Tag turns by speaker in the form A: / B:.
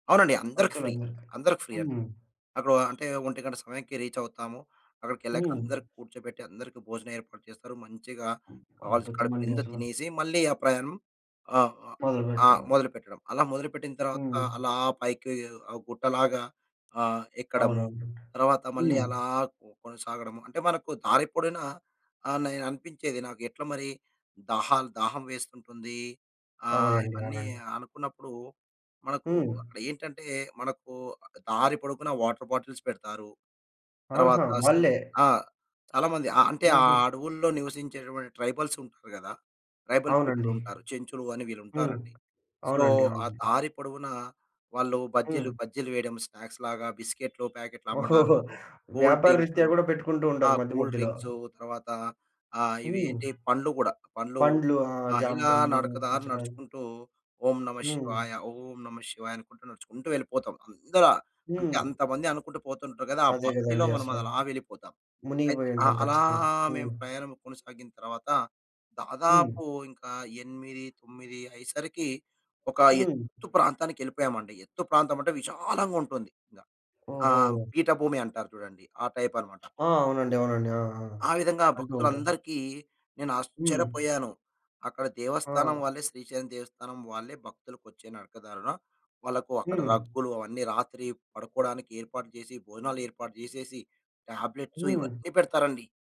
A: అవునండి. అందరికి ఫ్రీ.
B: భక్తులందరికా?
A: అందరికి ఫ్రీ అండి.
B: హ్మ్.
A: అక్కడో అంటే, ఒంటి గంట సమయానికి రీచవుతాము. అక్కడికెళ్ళాక
B: హ్మ్.
A: అందరికి కూర్చోబెట్టి, అందరికి భోజనం ఏర్పాటు చేస్తారు. మంచిగా కావాల్సి కడుపు
B: అద్భుతమండి
A: నిందా
B: అసలు.
A: తినేసి, మళ్ళీ ఆ ప్రయాణం ఆహ్, ఆహ్, ఆ!
B: మొదలుపెట్టవాడే.
A: మొదలుపెట్టడం. అలా మొదలుపెట్టిన తర్వాత,
B: హ్మ్.
A: అలా పైకి ఆహ్, గుట్టలాగా ఆహ్, ఎక్కడము
B: అవునవునండి.
A: తర్వాత మళ్ళీ
B: హ్మ్.
A: అలా కొ కొనసాగడము. అంటే, మనకు దారి పొడిన ఆహ్, నేను అనిపించేది, నాకు ఎట్ల మరి, దాహాలు దాహం వేస్తుంటుంది, ఆహ్,
B: అవునండి.
A: ఇవన్నీ
B: అలాగా.
A: అనుకున్నప్పుడు మనకు
B: హ్మ్.
A: అక్కడ ఏంటంటే, మనకు ఆహ్, దారి పొడుగున వాటర్ బాటిల్స్ పెడతారు. తర్వాత
B: ఆహా!
A: స్
B: వాళ్ళే.
A: ఆ! చాలా మంది ఆహ్, అంటే, ఆ
B: హుహు.
A: అడవుల్లో నివసించేటువంటి ట్రైబల్సుంటారు గదా! ట్రైబల్
B: అవునండి.
A: పీపులుంటారు, చెంచులు అని
B: హ్మ్.
A: వీళ్ళుంటారండి. సో,
B: అవునండి.
A: ఆ
B: అవునండి.
A: దారి పొడవునా వాళ్ళు బజ్జీలు,
B: హ్మ్.
A: బజ్జీలు వెయడం స్నాక్స్‌లాగా, బిస్కెట్లు ప్యాకెట్లు
B: ఓహోహో!
A: అమ్మడాలు, కూల్
B: వ్యాపార
A: డ్రింక్సు
B: రీత్యా గూడా పెట్టుకుంటూ
A: ఆ!
B: ఉంటారు, మధ్య
A: కూల్
B: మధ్యలో.
A: డ్రింక్సు, తర్వాతా ఆహ్,
B: హ్మ్.
A: ఇవేంటి పండ్లు గూడా, పండ్లు.
B: పండ్లు. ఆ!
A: ఆ!
B: జామ
A: ఇలా
B: పండ్లు,
A: నడకదారి
B: పుచ్చకాయ.
A: నడుచుకుంటూ ఓం
B: హ్మ్.
A: నమఃశివాయ, ఓం నమఃశివాయ అనుకుంటూ నడుచుకుంటూ వెళ్ళిపోతాం. అందర అంటే,
B: హ్మ్.
A: అంతమంది అనుకుంటూ పోతుంటరు గదా! ఆ
B: అదే
A: భక్తిలో
B: గదండీ
A: మనం
B: అసల.
A: అలా వెళ్ళిపోతాం. అయితే ఆ!
B: మునిగిపోయుంటాం
A: అలా
B: ఖచ్చితంగా. హ్మ్.
A: మేము ప్రయాణం కొనసాగిన తర్వాత,
B: హ్మ్.
A: దాదాపు ఇంకా 8, 9 అయ్యేసరికి, ఒక
B: హ్మ్.
A: ఎత్తు ప్రాంతానికెళ్ళిపోయామండి. ఎత్తు ప్రాంతమంటే, విశాలంగుంటుంది. గ ఆ!
B: ఓహో!
A: పీఠభూమి అంటారు చూడండి ఆ టైపనమాట.
B: ఆ! అవునండి. అవునండి. ఆ! ఆ!
A: ఆ విధంగా
B: అంటూ ఉంటా.
A: భక్తులందరికీ నేను
B: హ్మ్.
A: ఆశ్చర్యపోయాను, అక్కడ దేవస్థానం
B: ఆ!
A: వాళ్ళే, శ్రీశైలం దేవస్థానం వాళ్ళే, భక్తులకొచ్చే నరకదారుణ వాళ్లకు అక్కడ
B: హ్మ్.
A: రగ్గులు, అవన్నీ రాత్రి పడుకోడానికి ఏర్పాటు జేసి, భోజనాలు ఏర్పాటు జేసేసి, టాబ్లెట్స్
B: హ్మ్.
A: ఇవన్నీ పెడతారండి.